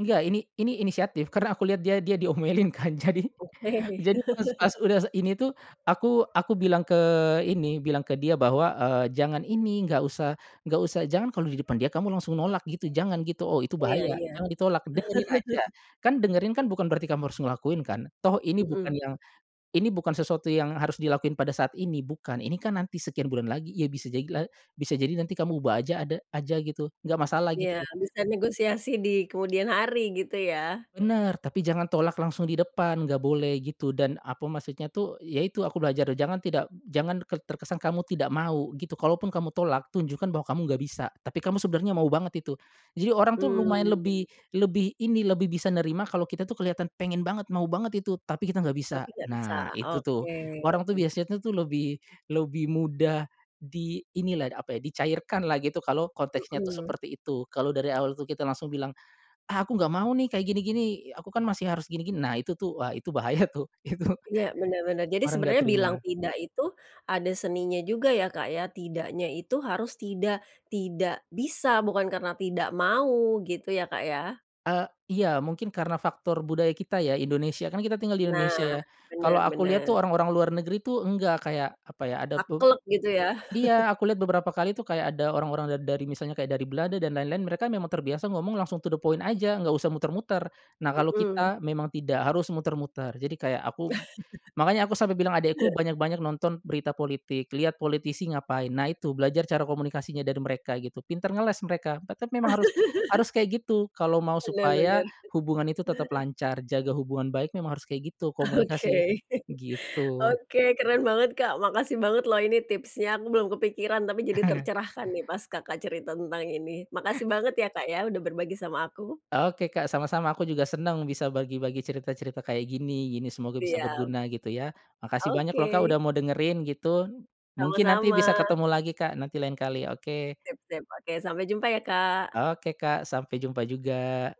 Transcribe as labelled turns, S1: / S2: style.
S1: Enggak ini ini inisiatif karena aku liat dia dia diomelin, kan. Jadi,
S2: Oke.
S1: jadi pas pas udah ini tuh, aku aku bilang ke ini, bilang ke dia bahwa, eee, "Jangan ini, nggak usah nggak usah, jangan kalo di depan dia kamu langsung nolak gitu jangan.", gitu. Oh, itu
S2: Iya,
S1: bahaya,
S2: iya.
S1: jangan ditolak, dengerin aja, kan dengerin kan bukan berarti kamu harus ngelakuin kan, toh ini bukan
S2: Mhm.
S1: yang, ini bukan sesuatu yang harus dilakuin pada saat ini, bukan. Ini kan nanti sekian bulan lagi ya, bisa jadi la bisa jadi nanti kamu ubah aja, ada aja gitu, enggak masalah,
S2: Iya,
S1: gitu.
S2: bisa negosiasi di kemudian hari gitu, ya.
S1: Bener, tapi jangan tolak langsung di depan, gak boleh gitu, dan apa, maksudnya tuh, yaitu aku belajar jangan tidak jangan terkesan kamu tidak mau gitu, kalaupun kamu tolak tunjukkan bahwa kamu nggak bisa, tapi kamu sebenarnya mau banget itu. Jadi orang tuh lumayan lebih
S2: Mmm.
S1: lebih ini, lebih bisa nerima kalau kita tuh kelihatan pengen banget, mau banget itu tapi kita nggak bisa.
S2: Tapi nggak bisa?
S1: Nah, itu tuh
S2: Oke.
S1: orang tuh biasanya tuh lebih lebih mudah di inilah, apa ya, dicairkan lah gitu, kalau konteknya tuh
S2: Mhm.
S1: seperti itu, kalo dari awal tuh kita langsung bilang "Ah, aku ga mau nih, kayak gini-gini. Aku kan masih harus gini-gini." Nah, itu wah, itu bahaya tuh, itu
S2: Ya, bener bener. Jadi
S1: orang enggak
S2: sebenarnya bilang
S1: terima.
S2: tidak itu ada seninya juga ya, Kak, ya. Tidaknya itu harus tidak tidak bisa bukan karena tidak mau gitu ya, Kak, ya.
S1: E iya mungkin karena faktor budaya kita ya, Indonesia, kan kita tinggal di Indonesia,
S2: Nah,
S1: ya.
S2: benar,
S1: Kalau aku lihat
S2: benar.
S1: tuh, orang-orang luar negeri itu enggak. Kayak, apa ya, ada be
S2: Taklek gitu, ya.
S1: iya, aku liat beberapa kali tuh, kayak ada orang-orang dari misalnya kayak dari Belanda dan lain-lain mereka memang terbiasa ngomong langsung to the point aja nggak usah muter-muter. Nah, kalo
S2: Mhm.
S1: kita memang tidak harus muter-muter, jadi kayak aku makanya aku sampe bilang adekku banyak-banyak nonton berita politik, liat politisi ngapain. Nah, itu belajar cara komunikasinya dari mereka gitu, pinter ngeles, mereka tetep memang harus harus kayak gitu, kalo mau
S2: Bener,
S1: supaya
S2: bener.
S1: hubungan itu tetep lancar, jaga hubungan baik memang harus kayak gitu,
S2: Oke.
S1: komunikasi gitu.
S2: Oke. Keren banget, Kak, makasih banget loh ini tipsnya, aku belum kepikiran tapi jadi tercerahkan nih pas Kakak cerita tentang ini, makasih banget ya, Kak, ya udah berbagi sama aku
S1: Oke, Kak, sama-sama. Aku juga seneng bisa bagi-bagi cerita-cerita kayak gini, gini semoga bisa
S2: Siap.
S1: berguna, gitu, ya. Makasih banyak loh, Kak,
S2: Oke.
S1: udah mau dengerin gitu, mungkin nanti
S2: Sama-sama.
S1: bisa ketemu lagi, Kak, nanti lain kali. Oke.
S2: Sip sip, oke. Sampai jumpa ya, Kak.
S1: Oke, Kak. sampai jumpa juga.